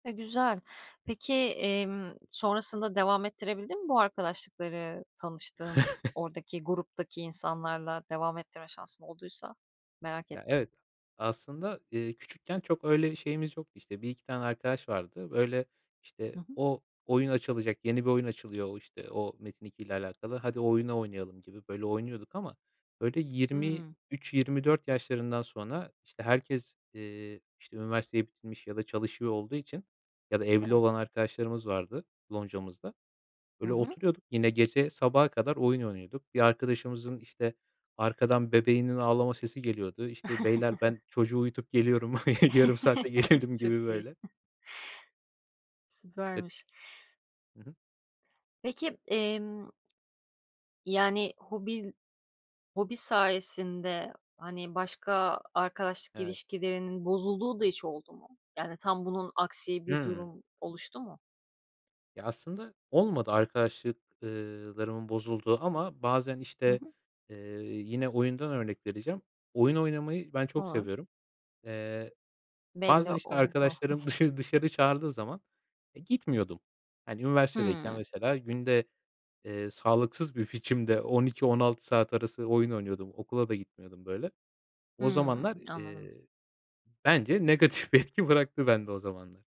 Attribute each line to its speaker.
Speaker 1: E, güzel, peki, emm, sonrasında devam ettirebildin mi bu arkadaşlıkları tanıştığın, oradaki gruptaki insanlarla devam ettirme şansın olduysa merak ettim?
Speaker 2: Ya evet, aslında, eee, küçükken çok öyle şeyimiz yoktu işte 1-2 tane arkadaş vardı, böyle
Speaker 1: Hı
Speaker 2: işte
Speaker 1: hı.
Speaker 2: o oyun açılacak, yeni bir oyun açılıyor, o, işte, o Metin2 ile alakalı, "Hadi o oyunu oynayalım." gibi böyle oynuyorduk ama böyle yirmi
Speaker 1: Hımm.
Speaker 2: üç yirmi dört yaşlarından sonra işte herkes, ııı, işte üniversiteyi bitirmiş ya da çalışıyor olduğu için ya da evli
Speaker 1: Evet.
Speaker 2: olan arkadaşlarımız vardı loncamızda.
Speaker 1: Hı
Speaker 2: Böyle
Speaker 1: hı.
Speaker 2: oturuyorduk yine gece sabaha kadar oyun oynuyorduk. Bir arkadaşımızın işte arkadan bebeğinin ağlama sesi geliyordu: "Beyler, ben çocuğu uyutup geliyorum, yarım saate gelirim."
Speaker 1: Çok
Speaker 2: gibi
Speaker 1: iyi.
Speaker 2: böyle. [unintelligible]
Speaker 1: Süpermiş.
Speaker 2: Hı hı.
Speaker 1: Peki, emm Yani hobi, hobi sayesinde, hani, başka arkadaşlık
Speaker 2: Evet.
Speaker 1: ilişkilerinin bozulduğu da hiç oldu mu? Yani tam bunun aksi bir
Speaker 2: Hımm.
Speaker 1: durum oluştu mu?
Speaker 2: Ya aslında olmadı arkadaşlık ııı, larımın bozulduğu ama bazen
Speaker 1: Hı
Speaker 2: işte,
Speaker 1: hı.
Speaker 2: ııı, yine oyundan örnek vereceğim. Oyun oynamayı ben çok
Speaker 1: Olur.
Speaker 2: seviyorum. Iıı,
Speaker 1: Belli
Speaker 2: bazen işte
Speaker 1: oldu.
Speaker 2: arkadaşlarım dışarı, dışarı çağırdığı zaman, e, gitmiyordum. Hani, üniversitedeyken
Speaker 1: Hımm.
Speaker 2: mesela günde, eee, sağlıksız bir biçimde 12-16 saat arası oyun oynuyordum. Okula da gitmiyordum böyle. O zamanlar,
Speaker 1: Hımm. Anladım.
Speaker 2: eee, bence negatif bir etki bıraktı bende o zamanlar.